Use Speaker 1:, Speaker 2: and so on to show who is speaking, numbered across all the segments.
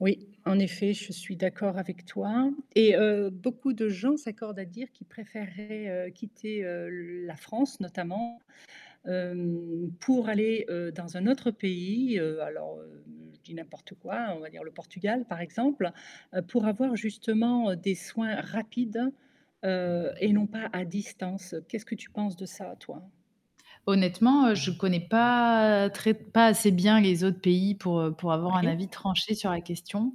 Speaker 1: Oui, en effet, je suis d'accord avec toi et heu, beaucoup de gens s'accordent à dire qu'ils préféreraient quitter, heu, le la France notamment, hem, pour aller, heu, dans un autre pays. Alors je dis n'importe quoi, on va dire le Portugal par exemple, pour avoir justement des soins rapides, heu et non pas à distance. Qu'est-ce que tu penses de ça toi?
Speaker 2: Honnêtement, je connais pas très pas assez bien les autres pays pour pour avoir un
Speaker 1: Oui.
Speaker 2: avis tranché sur la question.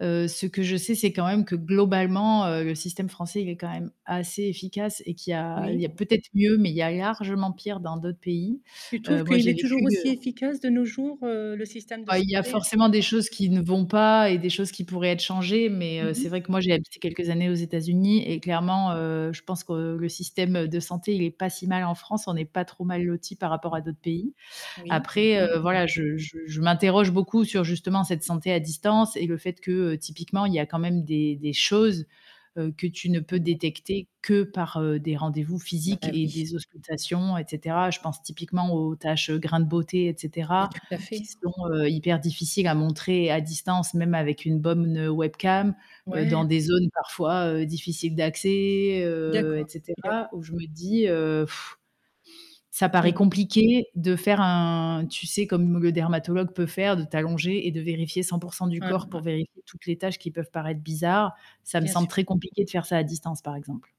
Speaker 2: Heu, ce que je sais, c'est quand même que globalement, heu, le système français, il est quand même assez efficace et qu'il y a il y a
Speaker 1: Oui.
Speaker 2: peut-être mieux, mais il y a largement pire dans d'autres pays.
Speaker 1: Tu trouves
Speaker 2: Heu, moi
Speaker 1: qu'il
Speaker 2: j'ai
Speaker 1: est toujours
Speaker 2: vécu, heu
Speaker 1: aussi efficace de nos jours, heu, le système de
Speaker 2: Ah il y a
Speaker 1: santé?
Speaker 2: forcément des choses qui ne vont pas et des choses qui pourraient être changées, mais
Speaker 1: Mmh
Speaker 2: c'est vrai
Speaker 1: mh.
Speaker 2: que moi j'ai habité quelques années aux États-Unis et clairement, heu, je pense que le système de santé il est pas si mal en France, on est pas trop mal lotis par rapport à d'autres pays.
Speaker 1: Oui.
Speaker 2: Après voilà, je je je m'interroge beaucoup sur justement cette santé à distance et le fait que typiquement il y a quand même des des choses que tu ne peux détecter que par des rendez-vous physiques
Speaker 1: Ben
Speaker 2: et
Speaker 1: oui.
Speaker 2: des auscultations et cetera. Je pense typiquement aux tâches grains de beauté et
Speaker 1: Mais
Speaker 2: cetera,
Speaker 1: tout à
Speaker 2: qui
Speaker 1: fait.
Speaker 2: sont, heu, hyper difficiles à montrer à distance même avec une bonne me webcam dans
Speaker 1: Ouais.
Speaker 2: des zones parfois, heu, difficiles d'accès, heu
Speaker 1: D'accord,
Speaker 2: et
Speaker 1: d'accord.
Speaker 2: cetera, où je me dis, heu, ça
Speaker 1: Mais
Speaker 2: paraît
Speaker 1: non.
Speaker 2: compliqué de faire un tu sais comme le dermatologue peut faire, de t'allonger et de vérifier 100% du
Speaker 1: Ouais,
Speaker 2: corps
Speaker 1: ouais.
Speaker 2: pour vérifier toutes les tâches qui peuvent paraître bizarres. Ça me
Speaker 1: Bien
Speaker 2: semble
Speaker 1: sûr.
Speaker 2: très compliqué de faire ça à distance par exemple.